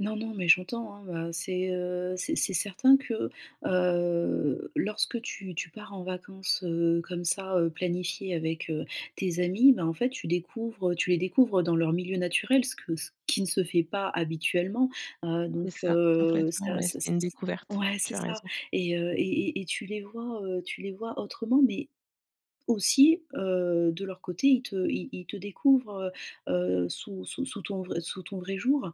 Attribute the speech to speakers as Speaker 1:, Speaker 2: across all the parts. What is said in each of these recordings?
Speaker 1: Non, non, mais j'entends, hein, heu, c'est, heu, c'est c'est certain que, heu, lorsque tu tu pars en vacances, heu, comme ça, heu, planifiées avec, heu, tes amis. Ben, en fait tu découvres, heu tu les découvres dans leur milieu naturel ce que ce qui ne se fait pas habituellement. Heu,
Speaker 2: C'est
Speaker 1: donc,
Speaker 2: ça.
Speaker 1: heu,
Speaker 2: Complètement
Speaker 1: ça
Speaker 2: ouais,
Speaker 1: ça ç
Speaker 2: c'est une
Speaker 1: ç
Speaker 2: découverte.
Speaker 1: ouais,
Speaker 2: Tu
Speaker 1: c'est
Speaker 2: as
Speaker 1: ça.
Speaker 2: raison.
Speaker 1: Et, heu, et et et tu les vois, heu tu les vois autrement, mais aussi, heu, de leur côté ils te ils ils te découvrent, heu, heu, sous sous sous ton vrai sous ton vrai jour.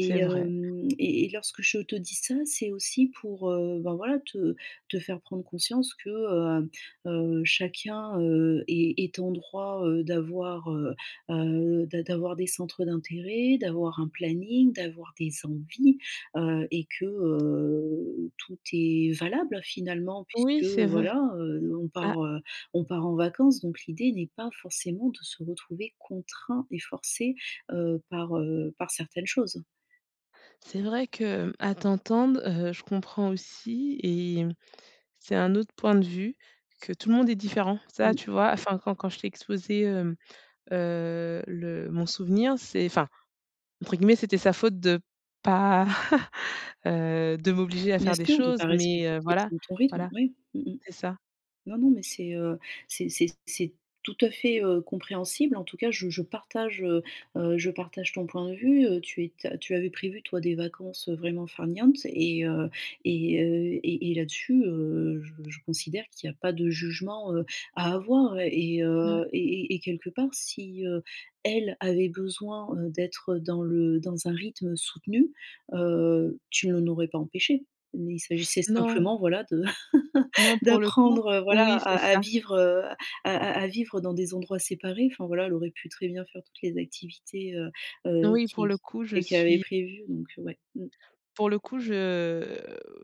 Speaker 2: C'est vrai.
Speaker 1: hem, et et lorsque je te dis ça, c'est aussi pour, heu, ben, voilà, te te faire prendre conscience que, heu, heu, chacun, heu, est est en droit, heu, d'avoir, heu, heu d'a d'avoir des centres d'intérêt, d'avoir un planning, d'avoir des envies, heu. Et que, heu, tout est valable, finalement.
Speaker 2: Oui,
Speaker 1: Puisque
Speaker 2: c'est v
Speaker 1: voilà, heu, on
Speaker 2: Ah.
Speaker 1: part, heu, on part en vacances, donc l'idée n'est pas forcément de se retrouver contraint et forcé, heu, par, heu, par certaines choses.
Speaker 2: C'est vrai qu'à t'entendre, heu, je comprends aussi et, c'est un autre point de vue, que tout le monde est différent. Ça,
Speaker 1: Mmh.
Speaker 2: tu vois, enfin, quand quand je t'ai exposé, hem, heu, le mon souvenir. C'est enfin, entre guillemets, c'était sa faute de pas heu, de m'obliger à
Speaker 1: Bien
Speaker 2: faire des
Speaker 1: sûr, de
Speaker 2: choses.
Speaker 1: pas
Speaker 2: Mais,
Speaker 1: respecter
Speaker 2: heu voilà,
Speaker 1: ton ton rythme,
Speaker 2: voilà.
Speaker 1: oui. Mmh mh.
Speaker 2: C'est ça.
Speaker 1: Non, non, mais c'est, heu, c'est c'est c'est tout à fait, heu, compréhensible. En tout cas je je partage, heu, heu, je partage ton point de vue, heu, tu éta tu avais prévu, toi, des vacances, heu, vraiment farniente et, heu, et et là-dessus, heu, je je considère qu'il y a pas de jugement, heu, à avoir. Et,
Speaker 2: Ouais.
Speaker 1: heu, et et et quelque part si, heu, elle avait besoin, heu, d'être dans le dans un rythme soutenu, heu, tu l'en aurais pas empêché. Mais il s'agissait
Speaker 2: Non.
Speaker 1: simplement, voilà, de
Speaker 2: Non pour le coup
Speaker 1: d'apprendre, heu, voilà,
Speaker 2: oui,
Speaker 1: à
Speaker 2: c'est
Speaker 1: à
Speaker 2: ça.
Speaker 1: vivre, heu, à à à vivre dans des endroits séparés. Enfin voilà, elle aurait pu très bien faire toutes les activités, heu, heu,
Speaker 2: Oui, pour
Speaker 1: qui
Speaker 2: le coup je
Speaker 1: qu qu'elle avait
Speaker 2: suis
Speaker 1: prévues, donc, heu, ouais. Mmh.
Speaker 2: pour le coup je,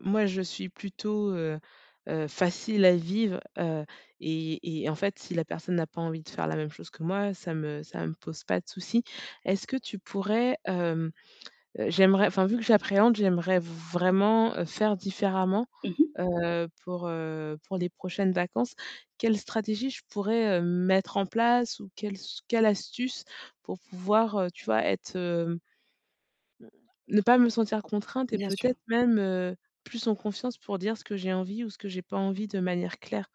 Speaker 2: moi, je suis plutôt, heu, heu, facile à vivre, heu. Et et en fait, si la personne n'a pas envie de faire la même chose que moi, ça me ça me pose pas de souci. Est-ce que tu pourrais, hem, j'aimerais enfin, vu que j'appréhende, j'aimerais vraiment, heu, faire différemment,
Speaker 1: Mmh mh.
Speaker 2: heu, pour, heu, pour les prochaines vacances. Quelle stratégie je pourrais, heu, mettre en place ou quelle s quelle astuce? Pour pouvoir, heu, tu vois, être heu mmh, ne pas me sentir contrainte et
Speaker 1: Bien sûr.
Speaker 2: peut-être même, heu, plus en confiance pour dire ce que j'ai envie ou ce que j'ai pas envie, de manière claire.